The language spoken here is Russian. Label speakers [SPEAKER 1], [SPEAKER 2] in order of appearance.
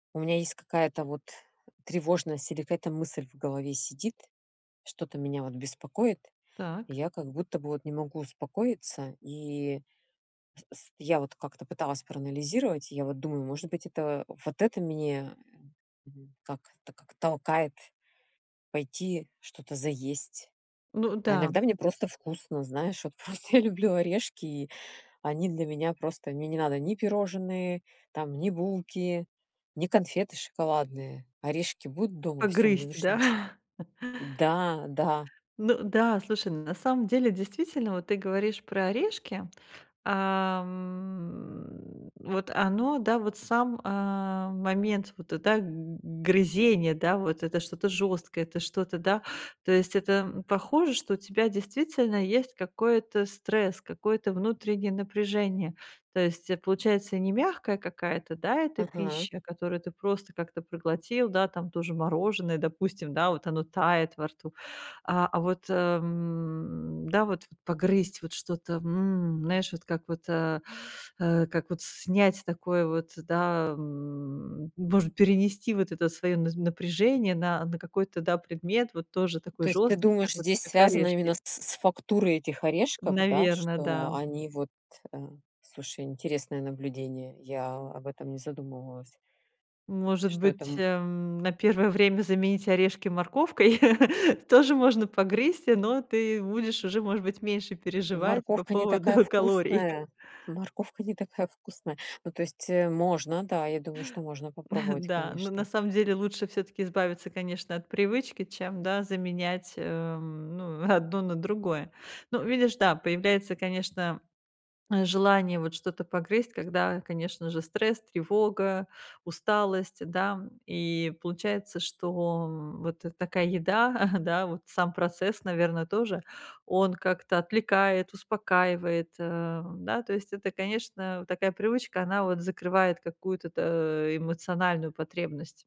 [SPEAKER 1] У меня есть какая-то вот тревожность, или какая-то мысль в голове сидит, что-то меня вот беспокоит, и
[SPEAKER 2] Так.
[SPEAKER 1] я как будто бы вот не могу успокоиться, и с я вот как-то пыталась проанализировать, я вот думаю, может быть это, вот это меня, м, как, так как толкает пойти что-то заесть.
[SPEAKER 2] Ну
[SPEAKER 1] А
[SPEAKER 2] да.
[SPEAKER 1] иногда мне просто вкусно, знаешь, вот просто я люблю орешки, и они для меня просто, мне не надо ни пирожные, там, ни булки, ни конфеты шоколадные. Орешки будут дома, всё, мне
[SPEAKER 2] Погрызть,
[SPEAKER 1] больше
[SPEAKER 2] да?
[SPEAKER 1] ничег Да, да.
[SPEAKER 2] Ну да, слушай, ну на самом деле действительно вот ты говоришь про орешки, а, м, вот оно, да, вот сам, а, момент вот это г грызение, да, вот это что-то жёсткое, это что-то, да, то есть это, м, похоже, что у тебя действительно есть какой-то стресс, какое-то внутреннее напряжение. То есть, э, получается, не мягкая какая-то, да, эта
[SPEAKER 1] Ага.
[SPEAKER 2] пища, которую ты просто как-то проглотил, да, там то же мороженое, допустим, да, вот оно тает во рту, а, а вот, м, да, вот, погрызть вот что-то, м, знаешь, вот как вот, э, э, как вот снять такое вот, да, м, может перенести вот это своё наз напряжение на, на какой-то, да, предмет, вот тоже такой
[SPEAKER 1] То есть, ты
[SPEAKER 2] жёсткий,
[SPEAKER 1] думаешь,
[SPEAKER 2] как вот,
[SPEAKER 1] здесь
[SPEAKER 2] как
[SPEAKER 1] связано именно
[SPEAKER 2] орешки.
[SPEAKER 1] с с фактурой этих орешков, да?
[SPEAKER 2] Наверно,
[SPEAKER 1] Что
[SPEAKER 2] да.
[SPEAKER 1] они вот, э слушай, интересное наблюдение. Я об этом не задумывалась.
[SPEAKER 2] Может
[SPEAKER 1] Что это
[SPEAKER 2] быть,
[SPEAKER 1] м
[SPEAKER 2] эм, на первое время заменить орешки морковкой, тоже можно погрызть, но ты будешь уже, может быть, меньше переживать по
[SPEAKER 1] Морковка не
[SPEAKER 2] поводу
[SPEAKER 1] такая
[SPEAKER 2] калорий.
[SPEAKER 1] вкусная морковка не такая вкусная. Ну то есть, э, можно, да, я думаю, что можно попробовать,
[SPEAKER 2] Да, но на
[SPEAKER 1] конечно.
[SPEAKER 2] самом деле лучше всё-таки избавиться, конечно, от привычки, чем да, заменять, эм, ну, одно на другое. Ну, видишь, да, появляется, конечно, м, желание вот что-то погрызть, когда, конечно же, стресс, тревога, усталость, да. И получается, что, м, вот такая еда, да, вот сам процесс, наверно, тоже, он как-то отвлекает, успокаивает, э, да, то есть, это, конечно, такая привычка, она вот закрывает какую-то то эмоциональную потребность.